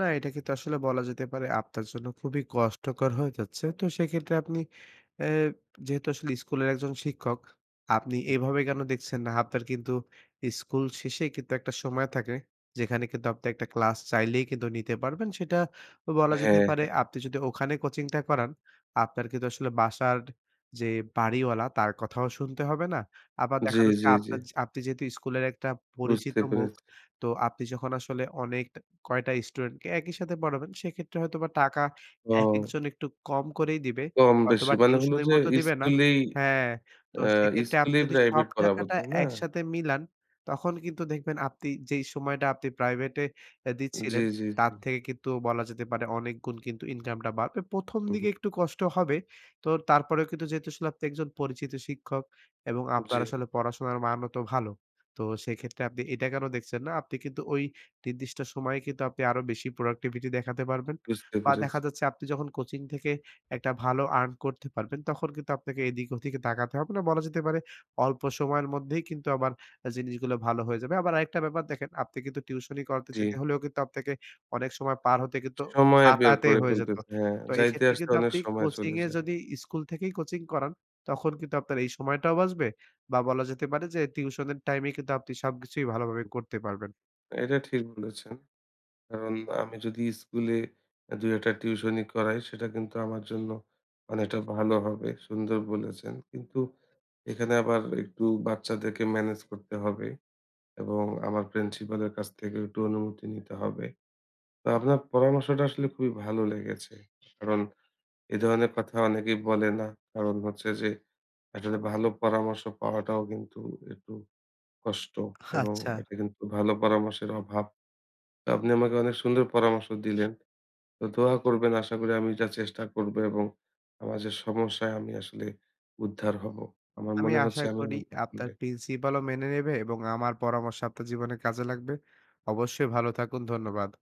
না এটা কিন্তু আসলে বলা যেতে পারে আপনার জন্য খুবই কষ্টকর হয়ে যাচ্ছে। তো সেক্ষেত্রে আপনি অ্যা যেহেতু আসলে স্কুলের একজন শিক্ষক, আপনি এভাবে কেন দেখছেন না? আপনার কিন্তু স্কুল শেষে কিন্তু একটা সময় থাকে যেখানে কিন্তু আপনার একটা ক্লাস চাইলেই কিন্তু নিতে পারবেন। সেটা বলা যেতে হ্যাঁ, পারে। হ্যাঁ। আপনি যদি ওখানে কোচিংটা করান, আপনার কিন্তু আসলে বাসার যে বাড়িওয়ালা তার কথাও শুনতে হবে না। আবার জি, দেখা যাচ্ছে জি, জি। আপনা যা আপনি যেহেতু স্কুলের একটা পরিচিত বুঝতে মুখ পেরেছি। তো আপনি যখন আসলে অনেক কয়েকটা স্টুডেন্টকে একই সাথে পড়াবেন সেক্ষেত্রে হয়তোবা টাকা ও! একেকজন একটু কম করেই দিবে। কম হয়তো বেশি বা মানে হলো টিউশনির যে মতো দিবে না। স্কুলেই হ্যাঁ। তো আ সেক্ষেত্রে আপনি স্কুলেই যদি সব প্রাইভেট পড়াবো, টাকাটা তাই না? একসাথে মিলান তখন কিন্তু দেখবেন আপনি যেই সময়টা আপনি প্রাইভেটে অ্যা জি, দিচ্ছিলেন, জি, জি। তার থেকে কিন্তু বলা যেতে পারে অনেক গুণ কিন্তু ইনকামটা বাড়বে। ১ম, উহু। দিকে একটু কষ্ট হবে। তো তারপরেও কিন্তু যেহেতু আপনি একজন পরিচিত শিক্ষক এবং জি। আপনার আসলে পড়াশোনার মানও তো ভালো। তো সেক্ষেত্রে আপনি এটা কেন দেখছেন না? আপনি কিন্তু ওই নির্দিষ্ট সময়ে কিন্তু আপনি আরো বেশি productivity দেখাতে পারবেন। বুঝতে বা দেখা পেরেছি। যাচ্ছে আপনি যখন কোচিং থেকে একটা ভালো আর্ন করতে পারবেন, তখন কিন্তু আপনাকে এদিক ওদিকে তাকাতে হবে না। বলা যেতে পারে অল্প সময়ের মধ্যেই কিন্তু আবার জিনিসগুলো ভালো হয়ে যাবে। আবার আরেকটা ব্যাপার দেখেন, আপনি কিন্তু টিউশনি করাতে জি। যেতে হলেও কিন্তু আপনাকে অনেক সময় পার হতে কিন্তু সময় বের হাতাতে করে হয়ে যেত। ফেলতেছে। হ্যাঁ, তো যাইতে এক্ষেত্রে আসতে কিন্তু অনেক আপনি সময় কোচিং চলে এ যায়। যদি স্কুল থেকেই কোচিং করান, তখন কিন্তু আপনার এই সময়টাও বাঁচবে বা বলা যেতে পারে যে টিউশন এর টাইম এ কিন্তু আপনি সবকিছুই ভালো ভাবেই করতে পারবেন। এটা ঠিক বলেছেন। কারণ আমি যদি স্কুলে অ্যা ২-১ টা টিউশন করাই সেটা কিন্তু আমার জন্য অনেকটা ভালো হবে, সুন্দর বলেছেন। কিন্তু এখানে আবার একটু বাচ্চাদেরকে মেনেজ করতে হবে। এবং আমার প্রিন্সিপালের কাছ থেকে একটু অনুমতি নিতে হবে। তো আপনার পরামর্শটা আসলে খুবই ভালো লেগেছে। কারণ এ ধরনের কথা অনেকেই বলে না। কারণ হচ্ছে যে একটা যে ভালো পরামর্শ পাওয়াটাও কিন্তু একটু কষ্ট এবং আচ্ছা। একটা কিন্তু ভালো পরামর্শের অভাব। তো আপনি আমাকে অনেক সুন্দর পরামর্শ দিলেন। তো দোয়া করবেন আশা করি আমি যা চেষ্টা করবো এবং আমার যে সমস্যায় আমি আসলে উদ্ধার হবো। আমার আমি মনে আশা হচ্ছে আমি করি এমনটা আপনার করলে প্রিন্সিপাল ও মেনে নেবে এবং আমার পরামর্শ আপনার জীবনে কাজে লাগবে। অবশ্যই ভালো থাকুন। ধন্যবাদ।